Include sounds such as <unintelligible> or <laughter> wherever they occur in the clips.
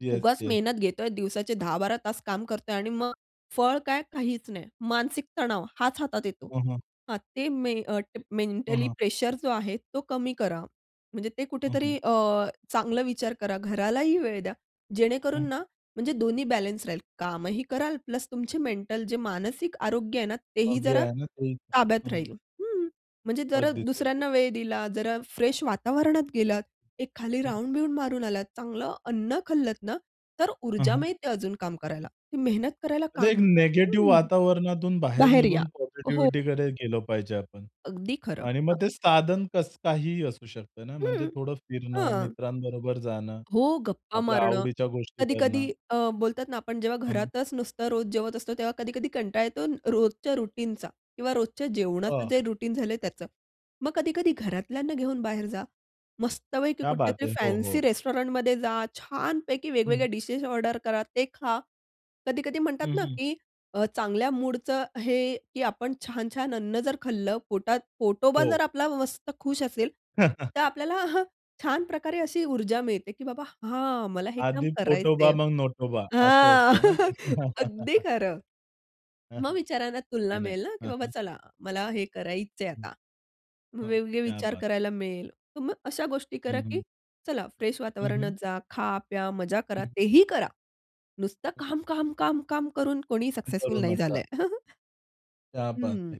Yes, उगाच yes. मेहनत घेतोय. दिवसाचे 10-12 तास काम करतोय आणि मग फळ काय? काहीच नाही. मानसिक तणाव हाच हातात येतो हं, हं. हां. ते मे अ, हं, मेंटली हं. प्रेशर जो आहे तो कमी करा. म्हणजे ते हं, कुठेतरी हं. अ, चांगला विचार करा. घरालाही वेळ द्या. जेणेकरून हं. ना म्हणजे दोन्ही बॅलन्स राहील. कामही कराल प्लस तुमचे मेंटल जे मानसिक आरोग्य आहे ना अ, तेही जे जरा आहे ना ते ताब्यात हं, हं. राहील हं. म्हणजे जरा अगदीच, <unintelligible> दुसऱ्यांना वेळ दिला, जरा फ्रेश वातावरणात गेलात, एक खाली हं. राउंड-बिउंड मारून आलात, चांगलं अन्न खाल्लत ना, तर हं, ऊर्जा हं. मिळते अजून काम करायला. ते मेहनत करायला म्हणजे एक काम निगेटिव्ह हं, वातावरणातून बाहेर बाहेर या. निघून हो. पॉझिटिव्हिटीकडे गेलो पाहिजे आपण. अगदी खरं. आणि मग ते साधन कसं काहीही असू शकतं ना. म्हणजे हं, थोडं फिरणं, हां. मित्रांबरोबर जाणं, हो, गप्पा आपल्या मारणं. आवडीच्या गोष्टी कधी-कधी करणं. अ, बोलतात ना आपण जेव्हा हं, हं. घरातच नुसतं रोज जेवत असतो. तेव्हा कधी-कधी कंटाळा येतो रोजच्या रूटीनचा किंवा रोजच्या जेवणाचं हां. जे रुटीन झालंय त्याचं. मग कधी-कधी घरातल्यांना घेऊन बाहेर जा. मस्तपैकी क्या बात कुठल्यातरी है! हो, फॅन्सी हो. रेस्टॉरंटमध्ये जा. छानपैकी हं. वेगवेगळ्या डिशेस ऑर्डर करा, ते खा. कधी-कधी हं, म्हणतात ना हं. की अ, चांगल्या मूडचं हे की आपण छान-छान अन्न जर खाल्लं, पोटात पोटोबा हो. जर आपला मस्त खुश असेल, हं, हं. तर आपल्याला हं, छान प्रकारे अशी ऊर्जा मिळते की बाबा हां. मला हे काम आधी पोटोबा, करायचंय मग नोटोबा. असं हां, असतं ना ते. <chuckles> अगदी <chuckles> खरं. हं, हं. मग विचारांना तुलना नाही, नाही. मिळेल ना की हं, बाबा हं. चला. मला हे करायचंय हं, आता. मग हं. वेगवेगळे क्या विचार बात है! करायला मिळेल. तर मग अशा गोष्टी करा, हं, की हं. चला फ्रेश हं, वातावरणात हं जा, खा, प्या, मजा करा. हं तेही करा. नुसतं काम, काम, काम, काम करून कोणीही काम सक्सेसफुल करू नाही नका. झालंय. <chuckles> क्या बात हं. है!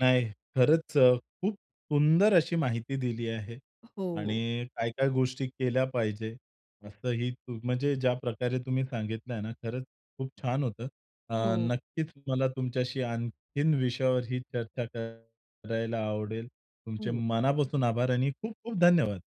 नाही खरंच अ, खूप सुंदर अशी माहिती दिली आहे हो. आणि काय-काय गोष्टी केल्या पाहिजे. असंही तू म्हणजे ज्या प्रकारे तुम्ही सांगितल ना खरंच खूप छान होतं. अ, हो. नक्कीच मला तुमच्याशी आणखीन विषयावर ही चर्चा करायला आवडेल. तुमचे हं. मनापासून आभार आणि खूप-खूप धन्यवाद.